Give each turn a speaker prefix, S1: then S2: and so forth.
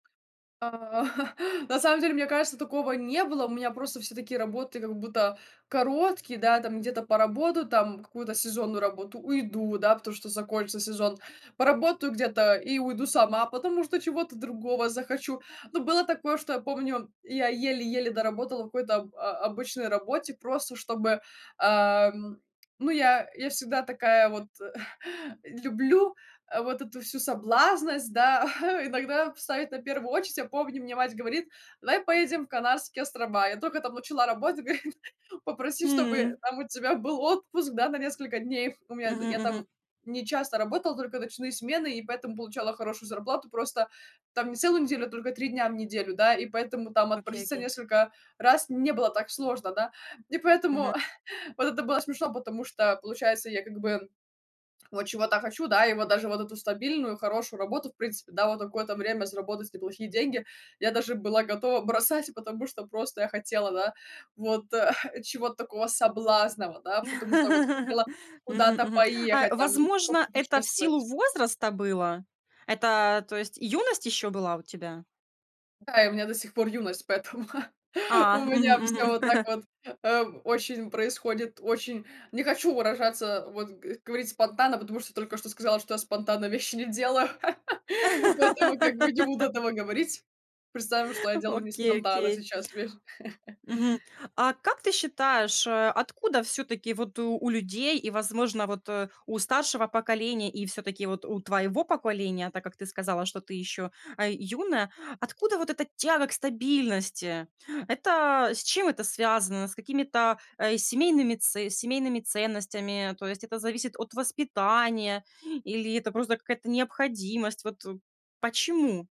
S1: А на самом, деле, мне кажется, такого не было. У меня просто все такие работы как будто короткие, да, там где-то поработаю, там какую-то сезонную работу- уйду, да, потому что закончится сезон, поработаю где-то и уйду сама, потому что чего-то другого захочу, но было такое, что, я помню, я еле-еле доработала в какой-то об о обычной работе, просто чтобы, ам ну я я всегда такая вот э, люблю, а вот эту всю соблазнность, да, иногда в ставить на первую очередь. Я помню, мне мать говорит: "Давай поедем в Канарские острова". Я только там начала работать, говорит: "Попроси чтобы
S2: М.
S1: там у тебя был отпуск да, на несколько дней". Их у меня
S2: Мгм
S1: я там
S2: мгм.
S1: не часто работала, только ночные смены и поэтому получала хорошую зарплату, просто там не целую неделю, только 3 дня в неделю, да, и поэтому там
S2: Окей
S1: отпроситься
S2: окей.
S1: несколько раз не было так сложно, да, и
S2: Мгм.
S1: поэтому вот это было смешно, потому что получается я как бы вот чего-то хочу, да, и вот даже вот эту стабильную хорошую работу, в принципе, да, вот на какое-то время заработать не плохие деньги я даже была готова бросать, потому что просто я хотела, да, вот, а, чего-то такого соблазнного, да, потому что вот хотела
S2: Мгм
S1: куда-то
S2: мгм. А
S1: поехать, там
S2: возможно, это в силу
S1: попутешествовать.
S2: возраста было? Это, то есть, юность ещё была у тебя?
S1: Да и у меня до сих пор юность, поэтому
S2: А.
S1: у
S2: Мгм
S1: меня всё вот
S2: мгм.
S1: так вот, ам, очень происходит очень Не хочу выражаться, вот г говорить спонтанно, потому что только что сказала, что я спонтанно вещи не делаю, поэтому как бы не буду этого говорить. Представим, что я делаю не
S2: Окей
S1: спонтанно
S2: окей.
S1: сейчас вещь.
S2: Мгм. А как ты считаешь э, откуда всё-таки вот, э, у людей и, возможно, вот, э, у старшего поколения и всё-таки вот у твоего поколения, так как ты сказала, что ты ещё, а, юная, откуда вот эта тяга к стабильности? Это, с чем это связано? С какими-то, э, семейными це семейными ценностями? То есть это зависит от воспитания или это просто какая-то необходимость? Вот, э, почему.